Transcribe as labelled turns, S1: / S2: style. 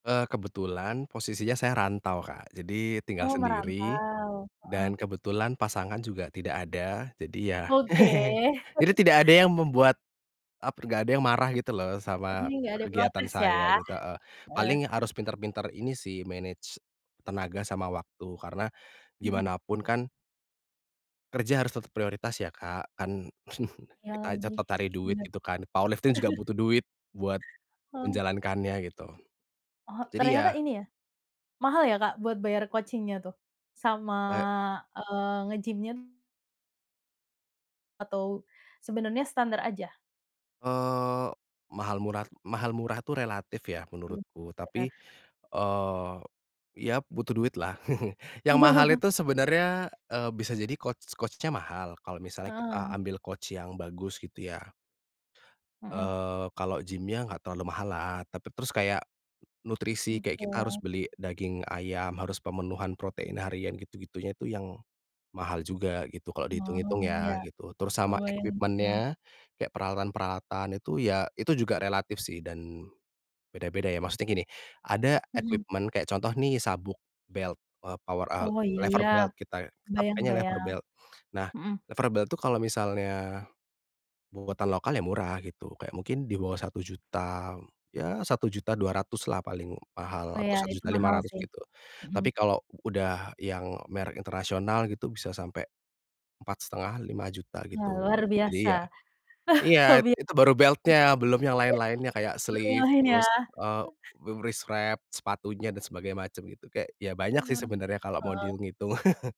S1: Eee, kebetulan posisinya saya rantau, Kak, jadi tinggal
S2: Oh,
S1: sendiri,
S2: merantau.
S1: dan
S2: Heeh.
S1: kebetulan pasangan juga tidak ada. Jadi, ya,
S2: Oke.
S1: jadi tidak ada yang membuat, ap nggak ada yang marah gitu loh,
S2: Jadi
S1: sama
S2: nggak ada
S1: kegiatan
S2: protes, ya.
S1: saya, gitu e.
S2: Heeh.
S1: Paling harus pintar-pintar ini sih manage tenaga sama waktu karena,
S2: Mhm.
S1: gimana pun kan kerja harus tetap prioritas ya, Kak. Kan
S2: Iya,
S1: kita
S2: lagi,
S1: tetep cari duit
S2: bener.
S1: gitu kan, power lifting juga butuh duit buat,
S2: Heeh.
S1: menjalankannya gitu.
S2: Oh,
S1: Jadi
S2: ternyata
S1: ya
S2: ini ya, mahal ya, Kak, buat bayar coaching-nya tuh, sama,
S1: Wek
S2: eee, ngegimnya. Atau, sebenarnya standar aja?
S1: Eee, mahal murah mahal murah tuh relatif ya,
S2: Iya,
S1: menurutku
S2: bener.
S1: tapi, eee, ya butuh duit, lah. Yang mahal itu sebenarnya, eee, bisa jadi coach coach-nya mahal kalau misalnya
S2: Heeh
S1: kita
S2: heeh.
S1: ambil coach yang bagus, gitu, ya.
S2: Mhm.
S1: Eee, kalau gimnya enggak terlalu mahal lah, tapi terus kayak nutrisi, kayak kita harus
S2: Oke.
S1: beli daging ayam, harus pemenuhan protein harian, gitu-gitunya itu yang mahal juga gitu kalau dihitung-hitung,
S2: Oh, iya,
S1: ya gitu. Terus sama
S2: kebayang kebayang.
S1: equipment-nya, kayak peralatan-peralatan itu, ya, itu juga relatif sih dan, beda-beda ya, maksudnya gini, ada
S2: Mhm.
S1: equipment kayak contoh nih sabuk, belt, eee, power al
S2: Oh, iya,
S1: lever
S2: ya.
S1: belt kita kita
S2: Kebayang
S1: pakainya lever
S2: kebayang,
S1: belt. Nah,
S2: mhm.
S1: lever belt itu kalau misalnya buatan lokal ya murah gitu, kayak mungkin di bawah Rp1.000.000, ya Rp1.200.000 lah paling mahal
S2: Oh,
S1: atau
S2: ya,
S1: satu
S2: itu
S1: juta lima
S2: mahal
S1: ratus
S2: sih,
S1: gitu.
S2: mhm.
S1: Tapi kalau udah yang merek internasional gitu, bisa sampai, Rp4.500.000-Rp5.000.000
S2: Wah,
S1: gitu.
S2: luar biasa.
S1: Jadi ya iya,
S2: Hobi
S1: itu baru belt-nya, belum yang lain-lainnya, kayak
S2: [unintelligible] Baru yang
S1: sleeve
S2: lain, ya.
S1: terus, eee, wi wrist wrap sepatunya dan sebagai macam gitu, kayak ya, banyak sih
S2: Bener,
S1: sebenarnya kalau mau
S2: heeh.
S1: dihitung hitung.